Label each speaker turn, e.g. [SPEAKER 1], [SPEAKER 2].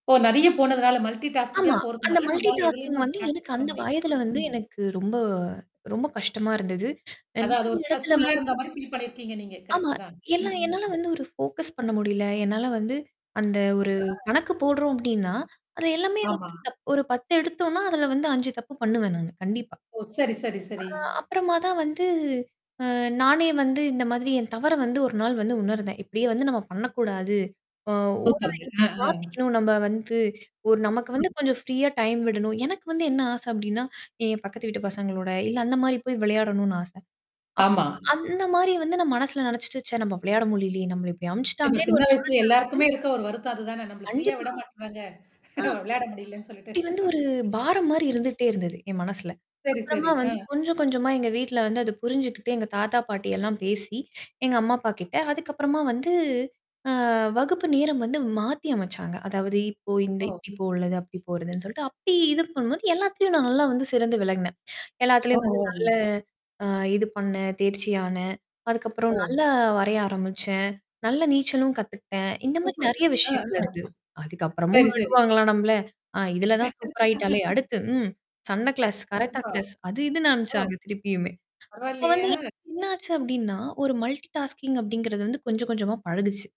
[SPEAKER 1] ஓ! நெறைய போனதுனால, மல்டி டாஸ்க்கிங்கா
[SPEAKER 2] ஆமா. அந்த
[SPEAKER 1] போறதுனால,
[SPEAKER 2] மல்டி
[SPEAKER 1] நம்மால
[SPEAKER 2] டாஸ்கிங்
[SPEAKER 1] எதுலயுமுமே வந்து
[SPEAKER 2] வந்து எனக்கு
[SPEAKER 1] ப்ராக்டிஸ் பண்ண
[SPEAKER 2] அந்த
[SPEAKER 1] முடியல.
[SPEAKER 2] வயதுல
[SPEAKER 1] ம்.
[SPEAKER 2] வந்து
[SPEAKER 1] ம்.
[SPEAKER 2] எனக்கு ரொம்ப ரொம்ப கஷ்டமா இருந்தது.
[SPEAKER 1] அதான். அது ஒரு
[SPEAKER 2] நெறய இடத்துல
[SPEAKER 1] ஸ்ட்ரெஸ்ஃபுல்லா
[SPEAKER 2] வந்து
[SPEAKER 1] இருந்தமாரி ஃபில் பண்ணியிருக்கீங்க நீங்க
[SPEAKER 2] ஆமா.
[SPEAKER 1] கரெக்ட்டு தான்.
[SPEAKER 2] எல்லாம் என்னால வந்து ஒரு ஃபோக்கஸ் பண்ண முடியல. என்னால வந்து அந்த ஒரு
[SPEAKER 1] [unintelligible]
[SPEAKER 2] கணக்கு போடுறோம் அப்படின்னா, அது எல்லாமே
[SPEAKER 1] ஆமா.
[SPEAKER 2] வந்து தப் ஒரு 10 எடுத்தோனா, அதல வந்து 5 தப்பு பண்ணுவேன் நானு. கண்டிப்பா.
[SPEAKER 1] ஓ! சரி, சரி, சரி.
[SPEAKER 2] அ அப்புறமா தான் வந்து. அ நானே வந்து இந்த மாதிரி என் தவற வந்து 1 நாள் வந்து உணர்ந்தேன். இப்படியே வந்து நம்ம பண்ணக்கூடாது. அ ஒரு
[SPEAKER 1] சூப்பர்ங்க.
[SPEAKER 2] இப்டி
[SPEAKER 1] அ ஆ.
[SPEAKER 2] மாத்திக்கணும் நம்ப வந்து, ஒரு நமக்கு வந்து
[SPEAKER 1] ம்.
[SPEAKER 2] கொஞ்சம் ஃப்ரீயா டைம் விடணும். எனக்கு வந்து என்ன ஆசை அப்படின்னா, என் பக்கத்து வீட்டு பசங்களோட, இல்ல, அந்த மாரி போய் விளையாடணும்னு ஆசை. அப்
[SPEAKER 1] ஆமா.
[SPEAKER 2] அந்த மாரி வந்து நான் மனசுல நினச்சுட்டு, சே! நம்ம விளையாட முடியலயே. நம்மள இப்படி
[SPEAKER 1] நம்ம
[SPEAKER 2] அனுப்பச்சுட்டாங்களேன்னு
[SPEAKER 1] சின்ன
[SPEAKER 2] ஒரு
[SPEAKER 1] வயசுல
[SPEAKER 2] மனசு வந்து
[SPEAKER 1] எல்லாருக்குமே இருக்க ஒரு வருத்தம் அதுதானே. நம்மள ஃப்ரீயா
[SPEAKER 2] கண்டிப்பா.
[SPEAKER 1] விட மாட்டுறாங்க.
[SPEAKER 2] ஆ.
[SPEAKER 1] விளையாட முடியலன்னு சொல்லிட்டு
[SPEAKER 2] அப்படி வந்து ஒரு பாரம் மாரி
[SPEAKER 1] ம்.
[SPEAKER 2] இருந்துட்டே இருந்தது. என் மனசுல.
[SPEAKER 1] சரி,
[SPEAKER 2] அப்புறமா
[SPEAKER 1] சரி. ஆ.
[SPEAKER 2] வந்து கொஞ்சம் கொஞ்சமா எங்க வீட்ல வந்து அத புரிஞ்சுகிட்டு, எங்க தாத்தா, பாட்டியெல்லாம் பேசி எங்க அம்மா அப்ப கிட்ட. அதுக்கப்புறமா வந்து அ வகுப்பு நேரம் வந்து மாத்தி அமைச்சாங்க. அதாவது இப்போ இந்த
[SPEAKER 1] ஓ.
[SPEAKER 2] இப்படி போறது, அப்படி போறதுன்னு சொல்லிட்டு, அப்படி இது பண்ணும்போது எல்லாத்துலயும் நான் நல்லா வந்து சிறந்து விளங்குனேன்.
[SPEAKER 1] ஓ.
[SPEAKER 2] எல்லாத்துலயும் வந்து
[SPEAKER 1] ஓ.
[SPEAKER 2] நல்ல
[SPEAKER 1] ஓ.
[SPEAKER 2] அ இது பண்ணேன், தேர்ச்சியானேன். அதுக்கப்புறம்
[SPEAKER 1] ஓ.
[SPEAKER 2] நல்லா வரைய ஆரம்பிச்சேன். நல்ல நீச்சலும் கத்துக்கிட்டேன். இந்த மாரி
[SPEAKER 1] சூப்பர்.
[SPEAKER 2] நெறைய
[SPEAKER 1] அ
[SPEAKER 2] விஷயங்கள்
[SPEAKER 1] ஆ
[SPEAKER 2] அடுத்து அதுக்கப்புறமும்
[SPEAKER 1] சரி, சரி.
[SPEAKER 2] விடுவாங்களா நம்மள? ஆ இதுல தான் சூப்பர் ஆயிட்டாளே! அடுத்து ம். சண்ட கிளாஸ், கராத்தே
[SPEAKER 1] கண்டிப்பா.
[SPEAKER 2] கிளாஸ். அது இதுன்னு
[SPEAKER 1] ஓ.
[SPEAKER 2] அனுப்பிச்சாங்க திருப்பியுமே. அப்ப
[SPEAKER 1] பரவால்லையே!
[SPEAKER 2] வந்து எனக்கு
[SPEAKER 1] ஆ.
[SPEAKER 2] என்னாச்சு அப்படின்னா, ஒரு மல்டி டாஸ்கிங் அப்படிங்கிறது வந்து கொஞ்சம் கொஞ்சமா பழகுச்சு.